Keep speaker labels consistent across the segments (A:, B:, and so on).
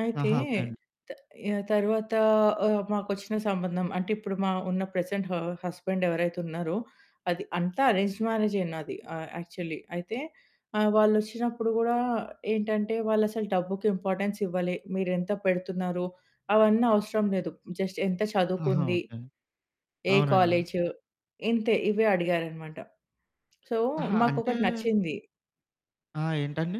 A: అయితే,
B: ఆహా! ఓకే అండి.
A: త ఆహ్, తర్వాత ఆహ్, మాకొచ్చిన సంబంధం, అంటే ఇప్పుడు మా ఉన్న ప్రెజెంట్ హ హస్బెండ్ ఎవరైతే ఉన్నారో అది అంతా అరేంజ్‌డ్ మ్యారేజే నాది. ఆహ్, యాక్చువల్లీ అయితే ఆహ్, వాళ్ళొచ్చినప్పుడు గూడా ఏంటంటే వాళ్ళసలు డబ్బుకి ఇంపార్టెన్స్ ఇవ్వలే. మీరెంత పెడుతున్నారు అవన్నీ అవసరం లేదు. జస్ట్ ఎంత
B: ఆహా!
A: చదువుకుంది?
B: ఓకే అండి.
A: ఏ
B: అవునండి.
A: కాలేజు? ఇంతే, ఇవే అడిగారనమాట. సో,
B: ఆహా! అంటే
A: మాకొకటి నచ్చింది.
B: ఆ! ఏంటండి?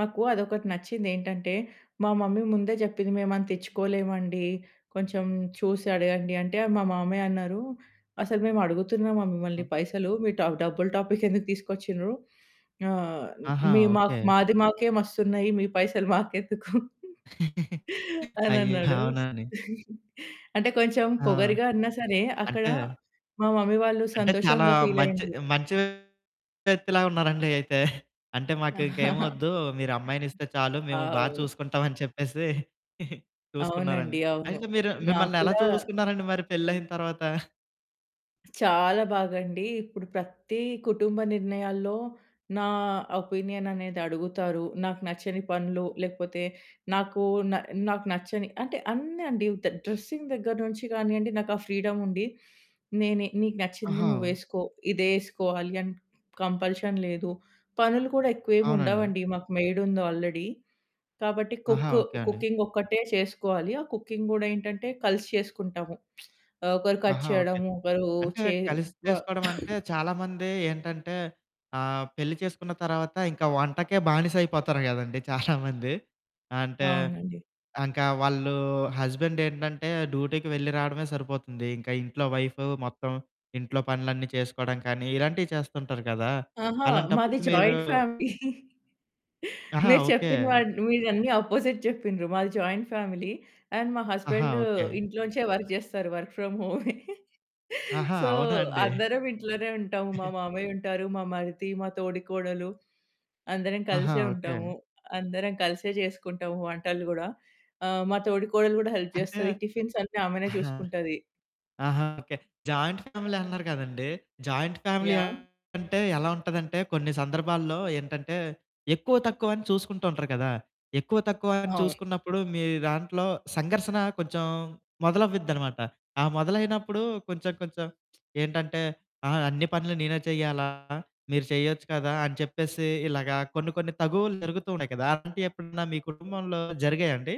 A: మాకు అదొకటి నచ్చిందేంటంటే, మా మమ్మీ ముందే చెప్పింది మేమంత ఇచ్చుకోలేమండి. కొంచెం చూసి అడగండి. అంటే మా మామయ్య అన్నారు. అసలు మేమడుగుతున్నామా మిమ్మల్ళీ
B: ఒహ్!
A: పైసలు మీ టా డబ్బుల టాపిక్ ఎందుకు తీసుకొచ్చిండ్రు? ఆహ్,
B: ఆహా!
A: మీ మాకు
B: ఓకే.
A: మాది మాకే మస్తున్నాయి మీ పైసలు మాకెందుకు
B: అయ్య!
A: అనన్నాడు.
B: అవునా అండి.
A: అంటే కొంచెం
B: ఆ!
A: పొగరుగా అన్నా సరే అక్కడ
B: అంటే
A: మా మమ్మీ వాళ్ళు
B: అంటే చాలా
A: సంతోషంగా
B: మంచి,
A: ఫీలయిండ్రు.
B: మంచి వ్యక్తిలా ఉన్నారండి అయితే. అంటే మాకు ఇంకేమొద్దు మీరు అమ్మాయినిస్తే చాలు మేము బా
A: అవును.
B: చూసుకుంటాం అని చెప్పేసి.
A: అవునండి.
B: చూసుకున్నారండి.
A: అవును.
B: అయితే మీరు
A: నాకు
B: మిమ్మల్ని ఎలా
A: కూడా
B: చూసుకున్నారండి మరి పెళ్ళయిన తర్వాత?
A: చాలా బాగండి. ఇప్పుడు ప్రతీ కుటుంబ నిర్ణయాల్లో నా ఒపీనియన్ అనేది అడుగుతారు. నాకు నచ్చని పనులు లేకపోతే నాకు న నాకు నచ్చని అంటే అన్నీ అండి ద డ్రెసింగ్ దగ్గర నుంచి కానియండి నాకు ఆ ఫ్రీడమ్ ఉంది. నేనే "నీకు నచ్చింది
B: ఆహా!
A: నువ్వేసుకో," ఇదే ఏసుకోవాలి అన్ కంపల్షన్ లేదు. పనులు కూడా
B: అవునండి.
A: ఎక్కువేముండవండి. మాకు మెయిడుంది ఆల్రెడీ, కాబట్టి
B: ఆహా!
A: కుక్కు
B: ఓకే అండి.
A: కుకింగ్ ఒక్కటే చేసుకోవాలి. ఆ కుకింగ్ గూడా ఏంటంటే కలిసి చేసుకుంటాము. ఆహ్, ఒకరు కట్
B: ఆహా! ఓకే.
A: చేయడం. ఒకరు
B: అంటే
A: చే
B: కలిసి
A: వ
B: చేసుకోవడం అంటే చాలామంది ఏంటంటే ఆహ్, పెళ్లి చేసుకున్న తర్వాత ఇంకా వంటకే బానిసైపోతారు కదండీ చాలామంది. అంటే
A: అవునండి.
B: ఇంకా వాళ్ళు హస్బెండ్ ఏంటంటే డ్యూటీకి వెళ్ళి రావడమే సరిపోతుంది. ఇంకా ఇంట్లో వైఫు మొత్తం, ఇంట్లో పనులన్నీ చేసుకోవడం కానీ ఇలాంటియి చేస్తుంటారు కదా!
A: ఆహా!
B: అలాంటప్పుడు
A: మాది
B: మీరు
A: జాయింట్ ఫ్యామిలీ.
B: ఆహా!
A: మీరు
B: ఓకే.
A: చెప్పిన వాటి మీరన్నీ అపోజిట్ చెప్పిన్రు. మాది జాయింట్ ఫ్యామిలీ. అండ్, మా
B: ఆహా!
A: Husband
B: okay.
A: ఇంట్లోంచే వర్క్ చేస్తారు, వర్క్ ఫ్రమ్ హోమే.
B: ఆహా!
A: సో,
B: అవునా అండి!
A: అందరం ఇంట్లోనే ఉంటాము. మా మామయ్య ఉంటారు. మా మరిది, మా తోడికోడలు అందరం
B: ఆహా!
A: కలిసే
B: ఓకే.
A: ఉంటాము. అందరం కలిసే చేసుకుంటాము వంటలు గూడా. ఆహ్, మా తోడి కోడలు కూడా హెల్ప్
B: అంటే
A: జేస్తది. టిఫిన్స్ అన్నీ ఆమెనే
B: ఆహా!
A: చూసుకుంటది.
B: ఆహా! ఓకే. జాయింట్ ఫ్యామిలీ అన్నారు కదండీ! Joint family
A: yeah!
B: అంటే ఎలా ఉంటదంటే కొన్ని సందర్భాల్లో ఏంటంటే ఎక్కువ, తక్కువని చూసుకుంటూ ఉంటారు కదా! ఎక్కువ, తక్కువ అని
A: అవును.
B: చూసుకున్నప్పుడు, మీ దాంట్లో సంఘర్షణ కొంచెం మొదలవ్విద్దనమాట. ఆ మొదలైనప్పుడు కొంచెం కొంచెం ఏంటంటే ఆ! అన్ని పనులు నేనే చెయ్యాలా? మీరు చేయొచ్చు కదా! అని చెప్పేసి ఇలాగా కొన్ని కొన్ని తగువులు జరుగుతూ ఉన్నాయి కదా! అలాంటియెప్పుడన్నా మీ కుటుంబంలో జరిగాయా అండి?